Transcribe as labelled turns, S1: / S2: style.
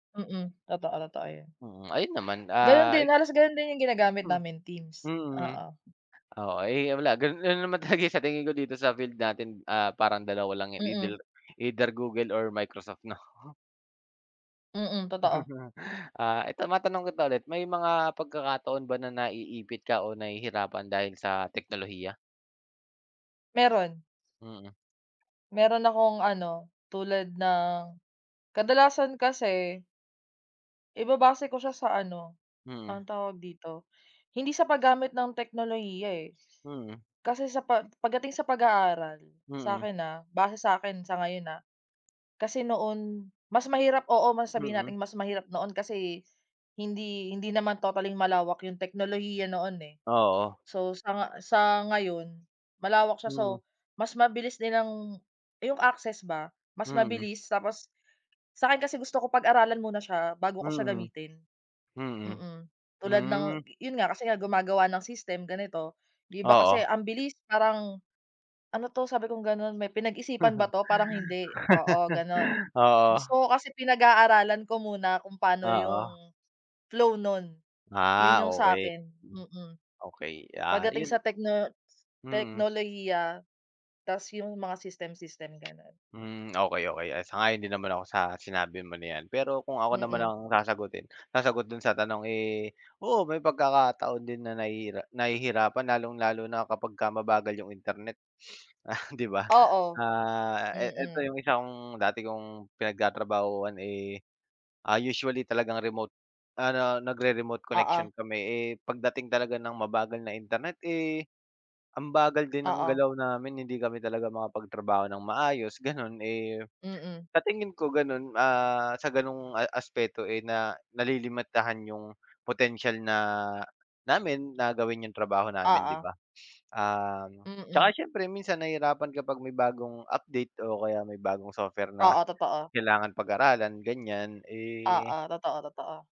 S1: Mm. Totoo, totoo 'yan.
S2: Mm. Ayun naman,
S1: Ganun
S2: ah,
S1: din.
S2: i
S1: Halos ganun din 'yung ginagamit
S2: Hmm,
S1: namin, Teams.
S2: mm.
S1: Oo.
S2: O, eh, ah, wala gan ganun naman talaga 'yung sa tingin ko dito sa field natin, ah, parang dalawa lang 'yan,
S1: Mm.
S2: eithel either Google or Microsoft 'no.
S1: Mm, totoo.
S2: Ah, eto matanong kita ulit. May mga pagkakataon ba na naiipit ka o nahihirapan dahil sa teknolohiya?
S1: Meron.
S2: Mhm.
S1: Meron akong ano, tulad ng, kadalasan kasi ibabase ko siya sa ano,
S2: Mm.
S1: anong tawag dito, hindi sa paggamit ng teknolohiya, eh.
S2: Mhm.
S1: Kasi sa pa pagdating sa pag-aaral,
S2: Mm.
S1: sakin, ah, base sa'kin sa ngayon, ah. Kasi noon mas mahirap, oo mas sabihin
S2: Mm.
S1: nating mas mahirap noon kasi hindi hindi naman totally-ng malawak 'yung teknolohiya noon, eh.
S2: Oo.
S1: So sa nga sa ngayon malawak siya,
S2: Mm.
S1: so mas mabilis nilang 'yung access ba, mas
S2: Mm.
S1: mabilis. Tapos, sa'kin kasi gusto ko pag-aralan muna siya bago ko siya
S2: Mm.
S1: gamitin,
S2: Mm.
S1: mm. Tulad ng
S2: Hmm.
S1: 'yun nga kasi nga gumagawa ng system ganito, 'di ba kasi
S2: Oo.
S1: ang bilis parang, "Ano 'to?" Sabi kong ganon, "May pinag-isipan ba 'to? Parang hindi." Oo ganon.
S2: Oo.
S1: Gusto ko kasi pinag-aaralan ko muna kung paano
S2: Oo.
S1: 'yung flow nun,
S2: Ah,
S1: 'yun 'yung
S2: okey.
S1: sakin, mm.
S2: Okey, ah
S1: Pagdating
S2: 'yun.
S1: sa tekno
S2: Mm.
S1: teknolohiya 'tas 'yung mga system-system, ganun.
S2: Hmm, okey, okey. Ah, sang-ayon din naman ako sa sinabi mo na 'yan. Pero kung ako naman
S1: Mm.
S2: ang sasagutin sasagot dun sa tanong eh, oo may pagkakataon din na nahihira nahihirapan, lalong-lalo na kapagka mabagal 'yung internet, ah, 'di ba.
S1: Oo.
S2: Ah, e eto
S1: Mm.
S2: 'yung isa kong dati kong pinagtatrabahuhan, eh, ah, usually talagang remote, ano nagre remote
S1: Oo.
S2: connection kami. Eh pagdating talaga ng mabagal na internet, eh, ang bagal din ng
S1: Oo.
S2: galaw namin, hindi kami talaga makapagtrabaho nang maayos, ganun. Eh,
S1: Mm.
S2: sa tingin ko ganun, ah, sa ganoong a aspeto, eh, na nalilimitahan 'yung potensyal na namin na gawin 'yung trabaho namin 'di
S1: Oo.
S2: ba. Um, 'tsaka
S1: Mm.
S2: siyempre minsan nahihirapan kapag may bagong update o kaya may bagong software na
S1: Oo, totoo.
S2: kailangan pag-aralan, ganyan,
S1: Oo,
S2: eh
S1: totoo, totoo.